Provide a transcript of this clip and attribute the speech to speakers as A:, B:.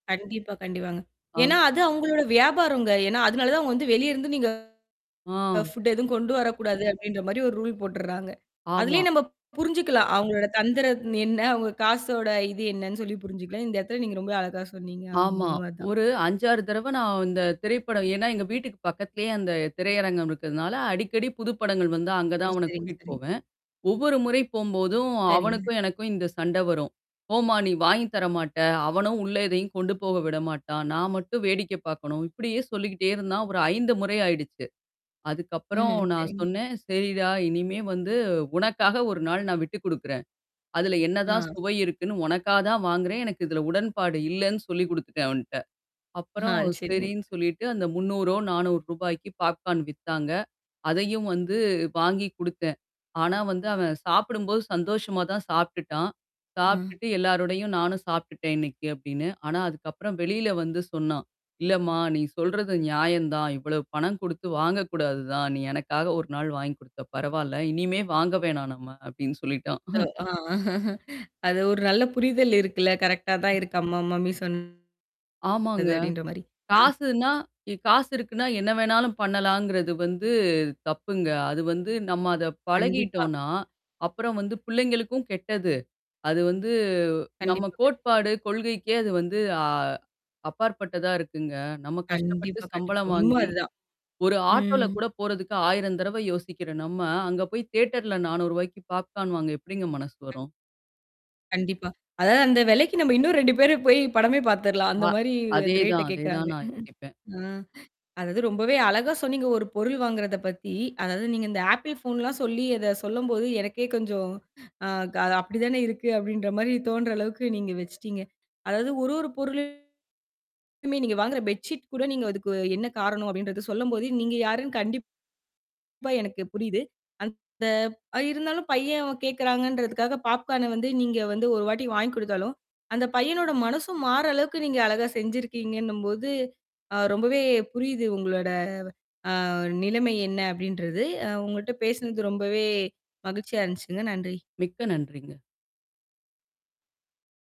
A: கண்டிப்பா கண்டிப்பாங்க.
B: ஆ.
A: ஏன்னா அது அவுங்களோட வியாபாரம்ங்க. ஏன்னா அதுனால தான் அவுங்க வந்து வெளியிருந்து நீங்க
B: ஆ.
A: ஃபுட் எதுவும் கொண்டு வரக்கூடாது அப்டின்ற மாரி ஒரு ரூல் போட்டுறாங்க.
B: ஆமா.
A: அதிலியே நாம புருஞ்சுக்கலாம். அவங்களோட தந்திரம் என்ன அவுங்க காசோட இது என்னனு சொல்லி புருஞ்சுக்கலாம். இந்த இடத்தில நீங்க ரொம்பவே அழகா சொன்னீங்க ஆம்
B: ஆமா.
A: உண்ம தான்.
B: ஒரு 5-6 தடவ நான் இந்த திரைப்படம் ஏன்னா எங்க வீட்டுக்கு பக்கத்லயே அந்த திரையரங்கம் இருக்றதுனால, அடிக்கடி புது படங்கள் வந்தால்
A: ஓ!
B: அங்கேதான் அவனைக்
A: சரிங்க,
B: கூட்டிட்டு
A: சரிங்க.
B: போவேன். ஒவ்வொரு முறை போகும்போதும்,
A: சரிங்க.
B: அவனுக்கும் எனக்கும் இந்த சண்ட வரும். "போம்மா நீ வாங்கி தர மாட்ட". அவனும் உள்ள எதையும் கொண்டு போக விடமாட்டான். நான் மட்டும் வேடிக்கை பாக்கணும். இப்படியே சொல்லிக்கிட்டே இருந்தான். ஒரு 5 முறை ஆயிடுச்சு. அதுக்கப்புறம்
A: ம்
B: நான்
A: சரிங்க.
B: சொன்னேன், சரிடா இனிமேல் வந்து உனக்காக 1 நாள் நான் விட்டுக் குடுக்கிறேன். அதில என்னதான்
A: அ.
B: சுவை இருக்குன்னு உனக்காக தான் வாங்குறேன். எனக்கு இதில உடன்பாடு இல்லனு சொல்லிக் குடுத்துட்டேன் அவன்ட்ட.
A: ஆ
B: அப்பறம்
A: சரிங்க.
B: சரின்னு சொல்லிட்டு அந்த 300றோ, 400றோ ரூபாய்க்கு பாப்கார்ன் வித்தாங்க. அதையும் வந்து வாங்கிக் குடுத்தேன். ஆனா வந்து அவன் சாப்பிடும்போது சந்தோஷமா தான் சாப்ட்டுட்டான்.
A: அ.
B: சாப்ட்டுட்டு எல்லாரோடையும் நானும் சாப்புட்டேன் இன்னைக்கி அப்டின்னு. ஆனா அதுக்கப்புறம் வெளில வந்து சொன்னான். இல்லம்மா நீ சொல்றது நியாயம் தான். இவ்வளவு பணம் குடுத்து வாங்கக்கூடாது தான். நீ எனக்காக ஒரு நாள் வாங்கிக் குடுத்தா பரவாயில்ல. இனிமே வாங்க வேணாம் நம்ம. அப்டின்னு சொல்லிட்டான்.
A: அது ஒரு நல்ல புரிதல் இருக்குல்ல கரெக்ட்டா தான் இருக்கு நம்ம மம்மி சொன்னது
B: ஆமாங்க.
A: அப்டின்ற மாரி. அ.
B: காசுனா இ காசு இருக்குனா என்ன வேணாலும் பண்ணலாங்கிறது வந்து தப்புங்க. அது வந்து நம்ம அத
A: கண்டிப்பா.
B: பழகிட்டோன்னா, அப்புறம் வந்து புள்ளைங்களுக்கும் கெட்டது. அது வந்து நம்ம
A: கண்டிப்பாங்க.
B: கோட்பாடு கொள்கைக்கே அது வந்து அ அப்பாற்பட்டதா இருக்குங்க. நம்ம கஷ்டப்பட்டு
A: கண்டிப்பா, கண்டிப்பா.
B: சம்பளம்
A: உண்ம
B: வாங்கி
A: அதான்.
B: ஒரு ஆட்டோல
A: ம்.
B: கூட போறதுக்கு 1000 தரவ யோசிக்கிற நம்ம, அங்கே போய் தியேட்டர்ல ₹400 க்கு பாப்கார்ன் வாங்க எப்டிங்க மனசு வரும்?
A: கண்டிப்பா. அதாவது அந்த வெலைக்கு நாம இன்னும் 2 பேர் போய் படமே பார்த்துரலாம். அந்த
B: அ
A: மாரி அந்த ரேட் ட
B: அதேதான்
A: கேட்கிறாங்க.
B: அதேதான் நான் யோசிப்பேன்.
A: அ அதாவது ரொம்பவே அழகா சொன்னீங்க, ஒரு பொருள் வாங்குறதப் பத்தி அதாவது நீங்க இந்த ஆப்பிள் ஃபோன் லாம் சொல்லி அத சொல்லம்போது எனக்கே கொஞ்ச அப்டித்தானே இருக்கு. அப்டின்ற மாரி தோன்ற அளவுக்கு நீங்க வெச்சிட்டீங்க. அதாவது ஒரு ஒரு பொருளும் மே நீங்க வாங்குற பெட்ஷீட் கூட நீங்க அதுக்கு என்ன காரணம் அப்டின்றத சொல்லம்போது நீங்க யாருன்னு கண்டிப்பா எனக்கு புரியுது. அந்த இருந்தாலும் பையன் கேட்கிறாங்கன்றதுக்காக பாப்கார்ன் வந்து நீங்க வந்து ஒரு வாட்டி வாங்கிக் குடுத்தாலும், அந்த பையனோட மனசும் மாற்ர அளவுக்கு நீங்க அழகா செஞ்சிருக்கீங்கன்னும்போது, ரொம்பவே புரியுது உங்களோட அ நிலைமை என்ன அப்டின்றது. அ உங்கள்ட்ட பேசினது ரொம்பவே மகிழ்ச்சியா இருந்துச்சுங்க நன்றி.
B: மிக்க நன்றிங்க.